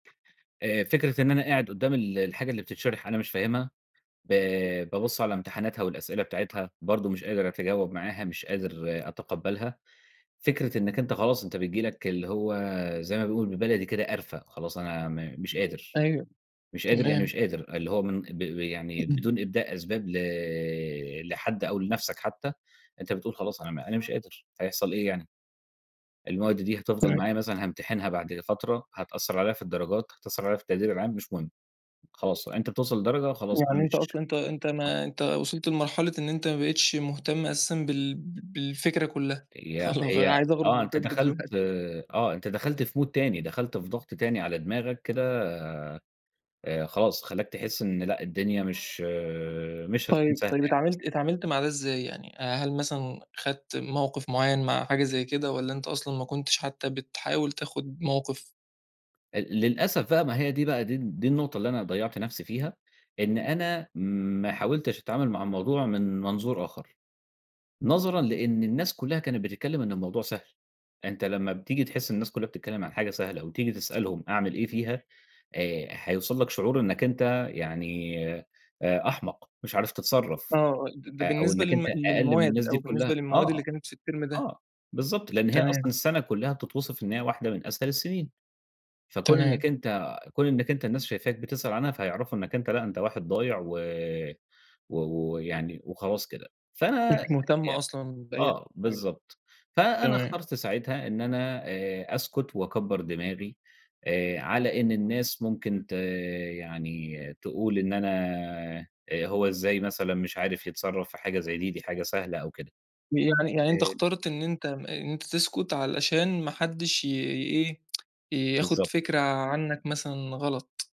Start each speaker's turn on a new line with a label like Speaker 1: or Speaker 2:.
Speaker 1: آآ، فكرة إن أنا قاعد قدام ال الحاجة اللي بتتشرح أنا مش فاهمها، ب بابُص على امتحاناتها والأسئلة بتاعتها، برضه مش قادر أتجاوب معاها، مش قادر أتقبَّلها. فكرة إنَّك أنتَ خلاص أنتَ بتيجي لك- اللي هو زي ما بيقولوا بالبلدي كده- قرَفة، خلاص أنا م مش قادر،
Speaker 2: أيوه،
Speaker 1: مش قادر يعني
Speaker 2: تمام.
Speaker 1: مش قادر، اللي هو من ب ب يعني
Speaker 2: امم.
Speaker 1: بدون إبداء أسباب ل لحد أو لنفسك حتى أنتَ بتقول: "خلاص أنا أنا مش قادر، هيحصل إيه يعني؟ المواد دي هتفضل
Speaker 2: تمام.
Speaker 1: معايا مثلًا هامتحنها بعد فترة، هتأثَّر عليَّ في الدرجات هتأثر عليَّ في التقدير العام، مش مهم. خلاص أنت بتوصل لدرجة خلاص أنا
Speaker 2: يعني أنت
Speaker 1: مش
Speaker 2: أصلًا أنت أنت
Speaker 1: آه.
Speaker 2: ما أنت وصلت لمرحلة إن أنت ما بقيتش مهتم أساسا بال بالفكرة كلها،
Speaker 1: هي
Speaker 2: خلا
Speaker 1: هي
Speaker 2: عايز أخرُج
Speaker 1: آه،
Speaker 2: من
Speaker 1: أنتَ
Speaker 2: طِب
Speaker 1: دخلت
Speaker 2: دلوقتي.
Speaker 1: آه أنتَ دخلت في مود تاني، دخلت في ضغط تاني على دماغك كده، آآ، خلاص خلّاك تحس إن لأ، الدنيا مش مش هتكون
Speaker 2: طيب
Speaker 1: سهلة
Speaker 2: طيب،
Speaker 1: يعني.
Speaker 2: اتعاملت اتعاملت مع ده إزاي؟ يعني هل مثلًا اخدت موقف معيَّن مع حاجة زي كده، والّا أنت أصلًا ما كنتش حتى بتحاول تاخد موقف؟
Speaker 1: ال للأسف بقى، ما هي دي بقى دي دي النُّقطة اللي أنا ضيَّعت نفسي فيها، إن أنا ما حاولتش أتعامل مع الموضوع من منظُور آخر. نظرًا لأن الناس كلها كانت بتتكلَّم إن الموضوع سهل، أنتَ لمّا بتيجي تحِس الناس كلها بتتكلَّم عن حاجة سهلة وتيجي تسألهم أعمل إيه فيها، آآ هيوصل لك شعور إنَّك أنتَ يعني آآ، أحمق مش عارف
Speaker 2: آه
Speaker 1: تتصرَّف،
Speaker 2: آه، ده
Speaker 1: آآ أو
Speaker 2: بالنسبة
Speaker 1: إنَّك أنتَ
Speaker 2: لل
Speaker 1: أقل من الناس
Speaker 2: للمواد،
Speaker 1: دي
Speaker 2: أو بالنسبة
Speaker 1: كلها. آه،
Speaker 2: للمواد اللي كانت في الترم
Speaker 1: آه،
Speaker 2: ده.
Speaker 1: آه، بالضبط، لأن هي أصلًا
Speaker 2: تمام.
Speaker 1: السنة كلها بتتوصف إن هي واحدة من أسهل السنين. فكون
Speaker 2: تمام.
Speaker 1: إنَّك أنتَ كون إنَّك أنتَ الناس شايفاك بتسأل عنها فهيعرفوا إنَّك أنتَ لأ أنتَ واحد ضايع و و ويعني وخلاص كده،
Speaker 2: مش
Speaker 1: فأنا
Speaker 2: مهتم
Speaker 1: ي
Speaker 2: أصلًا بأي
Speaker 1: آه،
Speaker 2: حاجة.
Speaker 1: بالضبط، فأنا
Speaker 2: تمام.
Speaker 1: اخترت ساعتها إن أنا آآ، أسكُت وأكبَّر دماغي آآ، على إن الناس ممكن ت يعني تقول: إن أنا "هو إزاي مثلًا مش عارف يتصرَّف في حاجة زي دي، دي حاجة سهلة." أو كده.
Speaker 2: يعني يعني أنت
Speaker 1: [unintelligible]
Speaker 2: اخترت إن أنتَ إن أنتَ تسكت علشان ما حدش ي إيه، ياخد
Speaker 1: بالضبط.
Speaker 2: فكرة عنك مثلًا غلط.